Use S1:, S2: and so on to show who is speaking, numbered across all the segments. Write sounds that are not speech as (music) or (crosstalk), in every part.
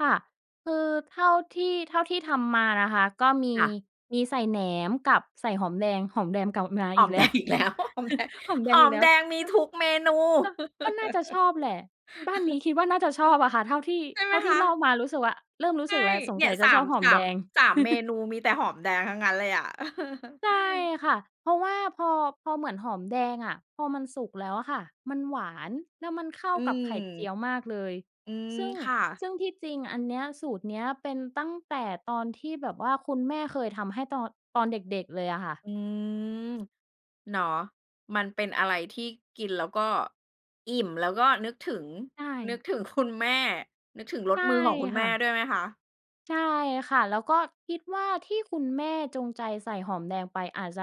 S1: ค่ะ คือเท่าที่ เท่าที่ทำมานะคะ ก็มี
S2: ค่ะ
S1: มีใส่แหนมกับใส่หอมแดง หอมแดงกลับมา
S2: ห
S1: อ
S2: อ
S1: ีก
S2: ม
S1: แ
S2: แ
S1: ล
S2: ด
S1: ้ว
S2: งอีกแล้ว
S1: (chuckles)
S2: หอมแดง
S1: หอมแด
S2: ห
S1: ง
S2: อ
S1: อีก
S2: ม
S1: แล้
S2: แด
S1: ว
S2: งมี
S1: ก็
S2: ทุกเมนู (laughs)
S1: ก็ ก็น่าจะชอบแหละ บ้านนี้คิดว่า น่าจะชอบอะค่ะ เท่าที่
S2: ใช่ไ
S1: เ
S2: ห
S1: ท
S2: ม
S1: ่าที
S2: ค
S1: ่
S2: ะ?
S1: เล่ามารู้สึกว่า เริ่มรู้
S2: ใช
S1: ส
S2: ่
S1: ึกแล้ว สง
S2: เนี่
S1: สั
S2: ย
S1: ยจ
S2: ส
S1: ะ
S2: า
S1: ชอ
S2: ม
S1: บหอ
S2: ส
S1: ม
S2: า
S1: แด
S2: ม
S1: ง
S2: 3 เม
S1: (chuckles)
S2: นูมีแต่หอมแดงทั้งนั้นเลยอะ
S1: ใช่
S2: (chuckles)
S1: ค่ะ เพราะว่า พอ พอเหมือนหอมแดงอะ พอมันสุกแล้วอะค่ะ มันหวาน แล้วมันเข้า
S2: อื
S1: กับไ
S2: ม
S1: ข่เจียวมากเลย
S2: อืม
S1: ซึ่ง
S2: ค่ะ
S1: ซึ่งที่จริงอันเนี้ยสูตรเนี้ยเป็นตั้งแต่ตอนที่แบบว่าคุณแม่เคยทำให้ตอน ตอนเด็ก ๆ เลยอะค่ะ
S2: อืม เนาะ มันเป็
S1: อื
S2: น
S1: ม
S2: อะไรที่กินแล้วก็อิ่ม แล้วก็นึกถึง
S1: ใช
S2: นึก
S1: ่
S2: ถึง คุณ แม่ นึกถึงร
S1: ใช
S2: ส
S1: ่
S2: มือของคุณ
S1: ค
S2: แม
S1: ่
S2: ่
S1: ะ
S2: ด้วยไหมคะ?
S1: ใช่ค่ะ แล้วก็คิดว่า ที่คุณแม่จงใจใส่หอมแดงไปอาจจะ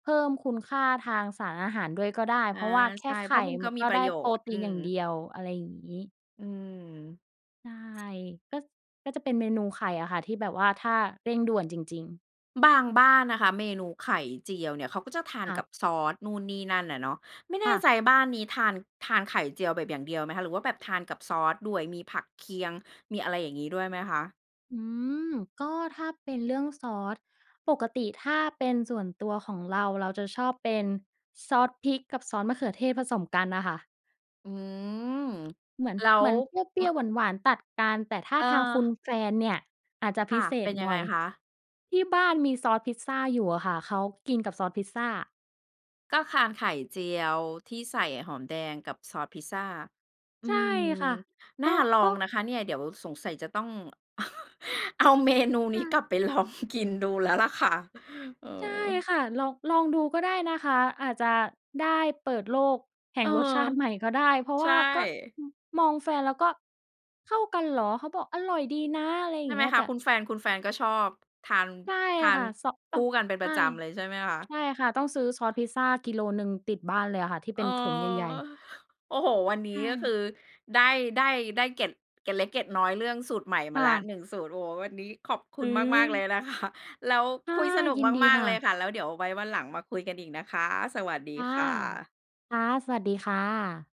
S1: เพิ่มคุณค่าทางสารอาหารด้วยก็ได้
S2: อ
S1: เพ
S2: า
S1: ราะว่าแค
S2: ใ
S1: ่
S2: ช่
S1: ไข
S2: เพรา
S1: ่
S2: ะมัน
S1: ม
S2: ก
S1: ั
S2: ็
S1: น
S2: ม
S1: ก
S2: ี
S1: ็
S2: ป
S1: ไ
S2: ร
S1: ด้
S2: ะโย
S1: โปร
S2: ชน์
S1: ตี
S2: อื
S1: นอย่า
S2: ม
S1: งเดียว อะไรอย่างงี้
S2: อืม
S1: ใช่ ก็ ก็จะเป็นเมนูไข่อะค่ะที่แบบว่า ถ้าเร่งด่วนจริง ๆ
S2: บางบ้านนะคะ เมนูไข่เจียวเนี่ย เขาก็จะทาน
S1: ค่
S2: กั
S1: ะ
S2: บซอส นู่นนี่นั่นอะเนาะ ไม่แ
S1: ค
S2: น่
S1: ่ะ
S2: ใจบ้านนี้ทาน ทานไข่เจียวแบบอย่างเดียวไหมคะ? หรือว่าแบบทานกับซอสด้วย มีผักเคียง มีอะไรอย่างงี้ด้วยไหมคะ?
S1: อืม ก็ถ้าเป็นเรื่องซอส ปกติถ้าเป็นส่วนตัวของเรา เราจะชอบเป็นซอสพริกกับซอสมะเขือเทศผสมกันน่ะค่ะ
S2: อืม
S1: เหมือน
S2: แล้
S1: เหม
S2: ว
S1: ือนเปรี
S2: ม
S1: ้ยว ๆ หวาน ๆ ตัดกัน แต่ถ้า
S2: อ
S1: ทางคุณ
S2: า
S1: แฟนเนี่ย อาจจะ
S2: ค
S1: พ
S2: ่
S1: ิ
S2: ะ
S1: เศ
S2: เป
S1: ษ
S2: ็นยั
S1: ห
S2: ง
S1: น
S2: ไง
S1: ่อย
S2: คะ?
S1: ที่บ้านมีซอสพิซซาอยู่อะค่ะ เขากินกับซอสพิซซา
S2: ก็คานไข่เจียวที่ใส่หอมแดง กับซอสพิซซา อื
S1: ใช่
S2: ม
S1: ค่ะ
S2: น
S1: ก
S2: ่
S1: ็
S2: าล
S1: ก
S2: อ
S1: ็
S2: งนะคะเนี่ย เดี๋ยวสงสัยจะต้อง (laughs) เอา เมนูน
S1: ค
S2: ี้
S1: ่ะ
S2: กลับ ไปลองกินดูแล้ว ล่ะค่ะ เอ
S1: ใช่
S2: อ
S1: ค่ะ ลอง ลองดูก็ได้นะคะ อาจจะได้เปิดโลกแห่
S2: เออ
S1: งรสชาติใหม่ก็ได้ เพราะ
S2: ใช
S1: ว่าก็
S2: ่
S1: อืม มองแฟนเราก็ เข้ากันเหรอ? เขาบอก "อร่อยดีนะ" อะไรอย
S2: ใช
S1: ่า
S2: ่
S1: งเ
S2: ไห
S1: ง
S2: ม
S1: ี้ย
S2: ค
S1: แต
S2: ะ?
S1: ่
S2: คุณแฟน คุณแฟนก็ชอบทาน
S1: ใช่
S2: ทา
S1: ค
S2: น
S1: ่ะ เซาะ
S2: ค
S1: อ้า
S2: ู
S1: ว
S2: ่กันเป็น
S1: ใช
S2: ปร
S1: ่
S2: ะจำเลยใช่ไหมคะ?
S1: ใช่ค่ะ ต้องซื้อซอสพิซซา กิโลหนึ่งติดบ้านเลยอะค่ะที่
S2: เ
S1: เ
S2: อ
S1: ป
S2: อ
S1: ็นถุงใหญ่ ๆ
S2: เฮ้ย โอ้โฮ วันนี
S1: ใ
S2: ้
S1: ช
S2: ก็คื
S1: ่
S2: อ ได้ ได้ ได้เกร็ด เกร็ดเล็กเกร็ดน้อยเรื่องสูตรใหม่ม
S1: ค
S2: า
S1: ่
S2: แล้ว
S1: ะ
S2: 1 สูตร โอ้ วันนี้ขอบคุ
S1: อื
S2: ณมาก ๆ เลย
S1: อ
S2: นะ คะ แล้ว
S1: ค
S2: ค
S1: ่ะ
S2: ุยสนุก
S1: ยินดี
S2: มาก
S1: ค
S2: ๆ
S1: ่
S2: เลย
S1: ะ
S2: ค่ะ แล้วเดี๋ยวไว้วันหลังมาคุยกันอีกนะคะ สวัสด
S1: ค
S2: ี
S1: ่ะ
S2: ค่ะ
S1: ค่ะ สวัสดีค่ะ